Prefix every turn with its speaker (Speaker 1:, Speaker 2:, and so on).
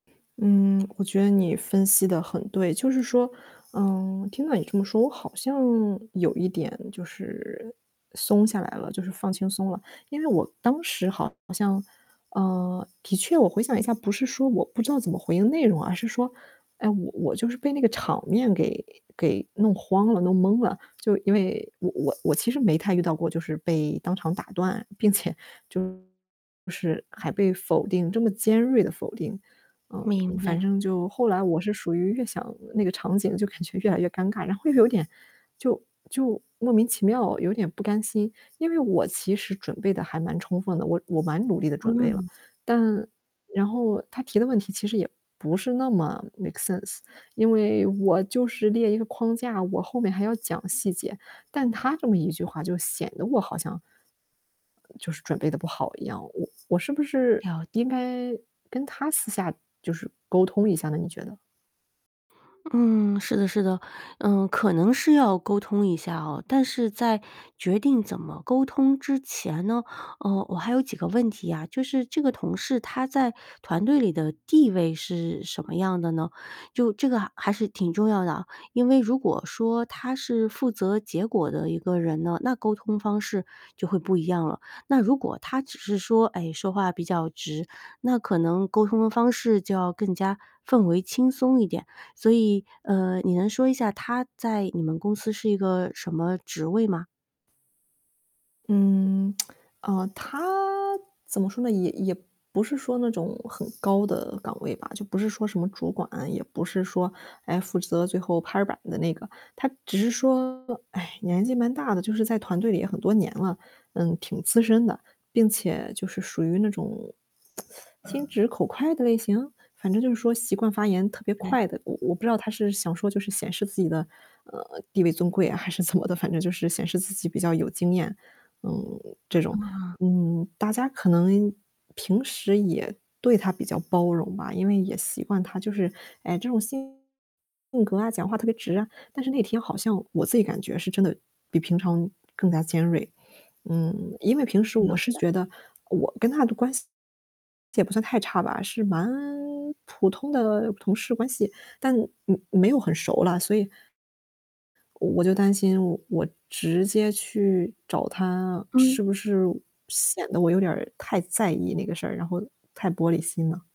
Speaker 1: 嗯，我觉得你分析得很对，就是说嗯，听到你这么说，我好像有一点就是松下来了，就是放轻松了。因为我当时好像啊，的确我回想一下，不是说我不知道怎么回应内容，而是说，哎，我我就是被那个场面给给弄慌了、弄懵了。就因为我我其实没太遇到过，就是被当场打断，并且就就是还被否定这么尖锐地否定。嗯，
Speaker 2: 明
Speaker 1: 反
Speaker 2: 白。
Speaker 1: 正就后来我是属于越想那个场景就感觉越来越尴尬，然后又有点就就莫名其妙有点不甘心。因为我其实准备得还蛮充分的，我我蛮努力地准备了。
Speaker 2: 嗯。
Speaker 1: 但然后他提的问题其实也不是那么 make sense，因为我就是列一个框架，我后面还要讲细节。但他这么一句话就显得我好像就是准备得不好一样，我我是不是
Speaker 2: 了解。
Speaker 1: 应该跟他私下就是沟通一下呢，你觉得？
Speaker 2: 嗯，是的是的，嗯，可能是要沟通一下哦。但是在决定怎么沟通之前呢，呃，我还有几个问题啊，就是这个同事他在团队里的地位是什么样的呢？就这个还还是挺重要的啊，因为如果说，他是负责结果的一个人呢，那沟通方式就会不一样了。那如果他只是说，哎，说话比较直，那可能沟通的方式就要更加氛围轻松一点。所以，呃，你能说一下他在你们公司是一个什么职位吗？
Speaker 1: 嗯，呃，他怎么说呢，也也不是说那种很高的岗位吧，就不是说什么主管，也不是说，诶，负责最后拍板的那个。他只是说，唉，年纪蛮大的，就是在团队里也很多年了，嗯，挺资深的，并且就是属于那种，心直口快的类型？反正就是说习惯发言特别
Speaker 2: 嗯。
Speaker 1: 快的。我我不知道他是想说就是显示自己的，呃，地位尊贵还是怎么的，反正就是显示自己比较有经验，嗯，这种。
Speaker 2: 嗯嗯。
Speaker 1: 嗯，大家可能平时也对他比较包容吧，因为也习惯他就是哎，这种性格啊、讲话特别直啊，但是那天好像我自己感觉是真的比平常更加尖锐。嗯，因为平时我
Speaker 2: 了
Speaker 1: 是
Speaker 2: 解。
Speaker 1: 觉得，我跟他的关系，也不算太差吧，是蛮普通的同事关系。但，嗯，没有很熟了，所以我就担心我我直接去找他，
Speaker 2: 嗯。
Speaker 1: 是不是，显得我有点儿太在意那个事儿，然后太玻璃心了。